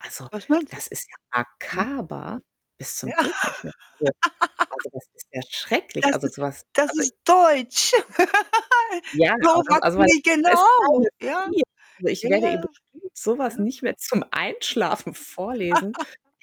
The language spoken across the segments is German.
Also, Was meinst du? das ist ja Mhm. makaber bis Ja. zum Gehtnichtmehr. Also also, das ist ja schrecklich. Das Also, ist so was, das also ist [unintelligible] deutsch. Ja, So aber das was also, meine lie Tochter ist Genau, keine ja. 4. Also, ich Ja, werde ihr ja. bestimmt so was Ja. nicht mehr zum Einschlafen vorlesen,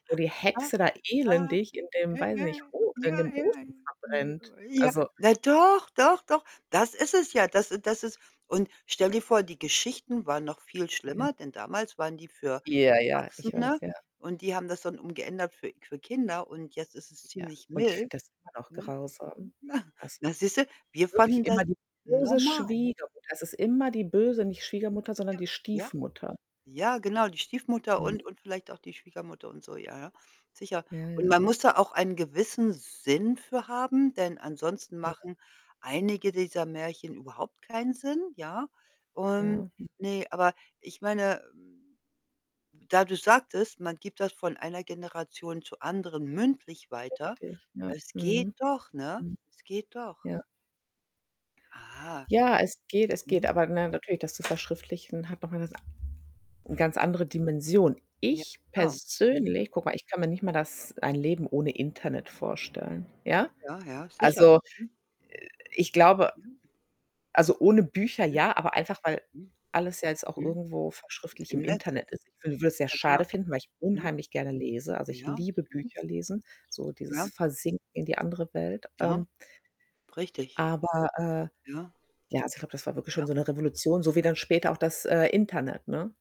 wo die Ja. Hexe da elendig in dem, Ja. weiß ich Ja. nicht, [unintelligible] O in Ja, dem ja. Ofen verbrennt. [unintelligible] Ja. Also Na, doch, doch, doch, das ist es ja. Das das ist und stell dir vor, die Geschichten waren noch viel Ja. schlimmer, denn damals waren die für Ja, ja, ich weiß, Erwachsene, ja. und die haben das dann umgeändert für für Kinder, und jetzt ist es Ja, ziemlich und ich mild. finde das immer noch [unintelligible] grausam. Na, Also, na, siehst du, wir wirklich fanden das immer die böse normal. Schwiegermutter. Es ist immer die böse nicht Schwiegermutter, sondern Ja. die Ja. Stiefmutter. Ja genau, die Stiefmutter und Mhm. und vielleicht auch die Schwiegermutter und so, ja, ja. Sicher, Ja, und ja. man muss da auch einen gewissen Sinn für haben, denn ansonsten Ja. machen einige dieser Märchen überhaupt keinen Sinn, ja? Und Ja. ne, aber ich meine, hm da du sagtest, man gibt das von einer Generation zur anderen mündlich weiter. Richtig, ne? Es geht Mhm, doch, ne? mhm. Es geht doch. Ja. Ah. Ja, es geht es geht, Mhm. aber, ne, natürlich, das zu verschriftlichen hat noch mal 'ne sa Mhm. ganz andere Dimension. Ja Ich klar, mhm. persönlich guck mal, ich kann mir nicht mal das ein Leben ohne Internet vorstellen, ja? Ja, ja, sicher. Also, [unintelligible] ich glaube Ja. also, ohne Bücher Mhm. ja, aber einfach, weil Mhm. alles ja jetzt auch Mhm. irgendwo verschriftlicht Im im Netz Internet ist ist. Ich wü würde es sehr ja, genau. schade finden, weil ich Mhm. unheimlich gerne lese. Also, ich Ja. liebe Mhm. Bücher lesen, so dieses Ja. Versinken in die andere Welt. Aha. Ähm Richtig. aber, äh, Ja. ja, also, ich glaube, das war wirklich schon Ja. so 'ne Revolution, so wie dann später auch das, äh, Internet, ne?